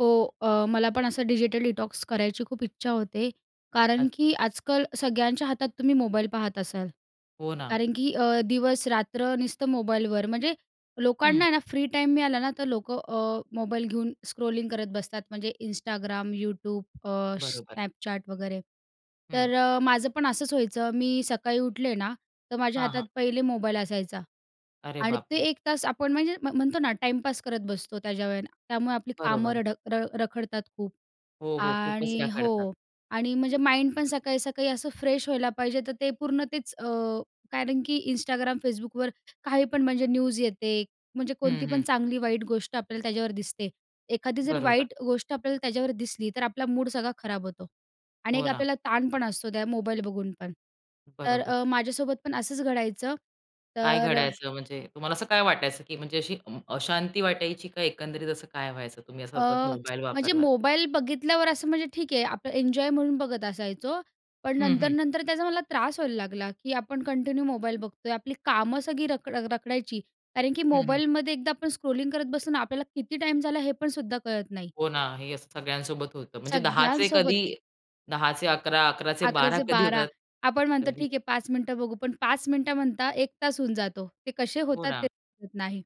हो. अ, मला पण असं डिजिटल डिटॉक्स करायची खूप इच्छा होते. कारण अच्छा. की आजकाल सगळ्यांच्या हातात तुम्ही मोबाईल पाहत असाल, हो ना. कारण की अ, दिवस-रात्र नुसतं मोबाईलवर म्हणजे लोकांना हं. आहे ना, फ्री टाईम मिळाला ना, तर लोकं अ, मोबाईल घेऊन स्क्रोलिंग करत बसतात म्हणजे Instagram, YouTube अ, बरोबर. Snapchat वगैरे. हं. तर अ, माझं पण असंच व्हायचं मी सकाळी उठले ना, तर माझ्या हां, हातात हां. पहिले मोबाईल असायचा अरे आणि ते बापरे! एक तास आपण म्हणजे म म्हणतो ना टाईमपास करत बसतो त्या वेळेला त्यामुळे आपली कामं बरोबर. रड अ, रखडतात खूप. हो, हो, खूपच आणि रखडतात. हो. आणि म्हणजे माइंड पण सकाळी सकाळी असं फ्रेश व्हायला पाहिजे. तर ते पूर्ण तेच अ, कारण की Instagram, Facbookवर काही पण म्हणजे न्यूज येते, म्हणजे कोणती हं, पण हं. चांगली-वाईट गोष्ट आपल्याला त्याच्यावर दिसते. एखादी जर बरोबर. वाईट गोष्ट आपल्याला त्याच्यावर दिसली, तर आपला मूड सगळा खराब होतो आणि हो एक ना. आपल्याला ताण पण असतो त्या मोबाईल बघून पण. तर बरोबर. अ, माझ्यासोबत पण असंच घडायचं, काय तर अ घडायचं म्हणजे तुम्हाला असं काय वाटायचं ,की म्हणजे अशी अशांती वाटायची की एकंदरीत असं काय व्हायचं? तुम्ही अ, असं सतत मोबाईल म्हणजे वापरलात तर? मोबाईल बघितल्यावर असं म्हणजे ठीक आहे आप एन्जॉय म्हणून बघत असायचो, पण हं, हं. नंतर-नंतर त्याचा मला त्रास व्हायला लागला, की आपण कंटिन्यू मोबाईल बघतोय. आपली कामं सगळी रख अ, रखडायची. कारण की हं, हं. मोबाईलमध्ये एकदा आपण स्क्रोलिंग करत बसलो ना आपल्याला किती टाईम झाला, हे पण सुद्धा कळत नाही. हो ना, हे असं सगळ्यांसोबत होतं. म्हणजे 10:00 चे सगळ्यांसोबत. कधी 10:00 चे 11:00, 11:00 चे 11:00 12:00 चे कधी 12:00 होतात, आपण म्हणतो, कधी "ठीक आहे, 5 मिनिटं बघू." पण 5 मिनिटं म्हणता 1 तास होऊन जातो, ते कसे हो होतात ते ना. [unintelligible] नाही.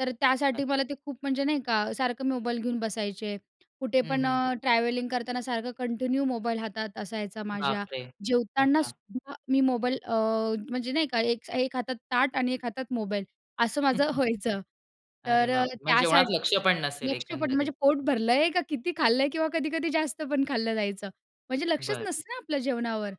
तर त्यासाठी मला नक्की. ते खूप म्हणजे नाही का, सारखं मोबाईल घेऊन बसायचे. कुठे हं, पण हं. अ, ट्रॅव्हलिंग करताना सारखं कंटिन्यू मोबाईल हातात असायचा माझ्या बापरे! जेवताना अच्छा. सुद्धा मी मोबाईल अ, म्हणजे नाही का, एक एक हातात ताट आणि एक हातात मोबाईल असं माझं व्हायचं. अरे तर अ, बापरे! म्हणजे त्यासा जेवणात लक्ष पण नसेल लक्ष पण एकंदरीत. म्हणजे पोट भरलंय का किती खाल्लंय किंवा कधी-कधी जास्त पण खाल्लं जायचं म्हणजे लक्षच बरं. नसतं ना, आपल्या जेवणावर.